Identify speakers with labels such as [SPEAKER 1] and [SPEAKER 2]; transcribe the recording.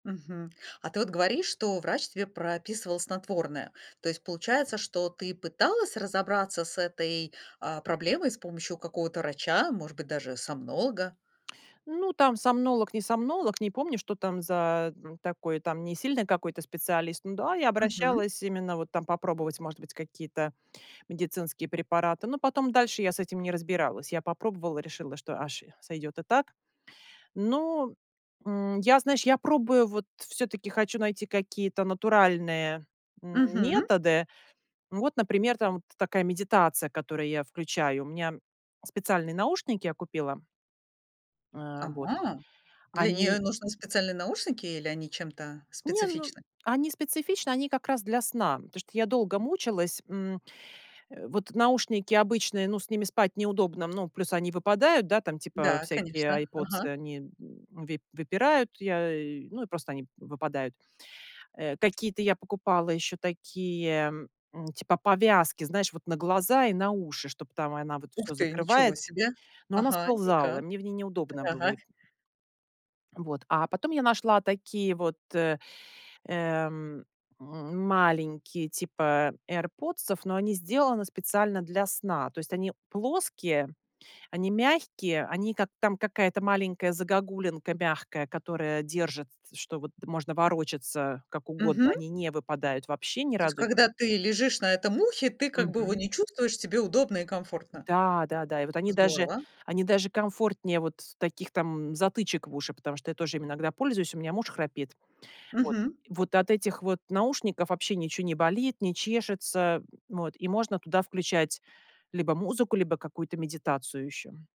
[SPEAKER 1] Мгм. А ты вот говоришь, что врач тебе прописывал снотворное. То есть получается, что ты пыталась разобраться с этой, а, проблемой с помощью какого-то врача, может быть даже сомнолога.
[SPEAKER 2] Ну, там сомнолог, не сомнолог, не помню, что там за м, такой там не сильный какой-то специалист. Ну да, я
[SPEAKER 1] Мгм.
[SPEAKER 2] обращалась именно вот там попробовать, может быть, какие-то медицинские препараты. Но потом дальше я с этим не разбиралась. Я попробовала, решила, что, аж, сойдет и так. Но, м, я, знаешь, я пробую, вот всё-таки хочу найти какие-то натуральные, м,
[SPEAKER 1] Мгм.
[SPEAKER 2] методы. Вот, например, там такая медитация, которую я включаю. У меня специальные наушники я купила. Э, вот
[SPEAKER 1] Ага, для
[SPEAKER 2] они
[SPEAKER 1] неё нужны специальные наушники или они чем-то
[SPEAKER 2] Не, ну,
[SPEAKER 1] специфичны?
[SPEAKER 2] они специфичны, они как раз для сна, потому что я долго мучилась, м, э. Вот наушники обычные, ну, с ними спать неудобно, ну, плюс они выпадают, да, там, типа,
[SPEAKER 1] Да,
[SPEAKER 2] всякие
[SPEAKER 1] конечно,
[SPEAKER 2] "Айрподсы",
[SPEAKER 1] ага.
[SPEAKER 2] они, м, выпь выпирают, я и просто они выпадают, э. Какие-то я покупала еще такие, м, типа повязки, знаешь, вот на глаза и на уши, чтоб там она вот
[SPEAKER 1] Ух
[SPEAKER 2] всё
[SPEAKER 1] ты,
[SPEAKER 2] закрывает,
[SPEAKER 1] ничего себе.
[SPEAKER 2] но она
[SPEAKER 1] Ага, и
[SPEAKER 2] сползала,
[SPEAKER 1] как?
[SPEAKER 2] мне в ней неудобно было
[SPEAKER 1] Так.
[SPEAKER 2] эти Вот, а потом я нашла такие вот, э, эм, м, маленькие, типа "Айрподсов", но они сделаны специально для сна. То есть они плоские, они мягкие, они как там какая-то маленькая загогулинка мягкая, которая держит с что вот можно ворочаться как угодно,
[SPEAKER 1] Мгм.
[SPEAKER 2] они не выпадают вообще ни
[SPEAKER 1] То есть,
[SPEAKER 2] разу
[SPEAKER 1] когда ты лежишь на этом ухе, ты как бы его
[SPEAKER 2] Мгм.
[SPEAKER 1] не чувствуешь, тебе удобно и комфортно.
[SPEAKER 2] Да-да-да, и вот они даже
[SPEAKER 1] Здорово.
[SPEAKER 2] они даже комфортнее вот таких там затычек в уши, потому что я тоже ими иногда пользуюсь, у меня муж храпит. Вот,
[SPEAKER 1] Мгм.
[SPEAKER 2] вот от этих вот наушников вообще ничего не болит, не чешется, м, вот, и можно туда включать либо музыку, либо какую-то медитацию еще.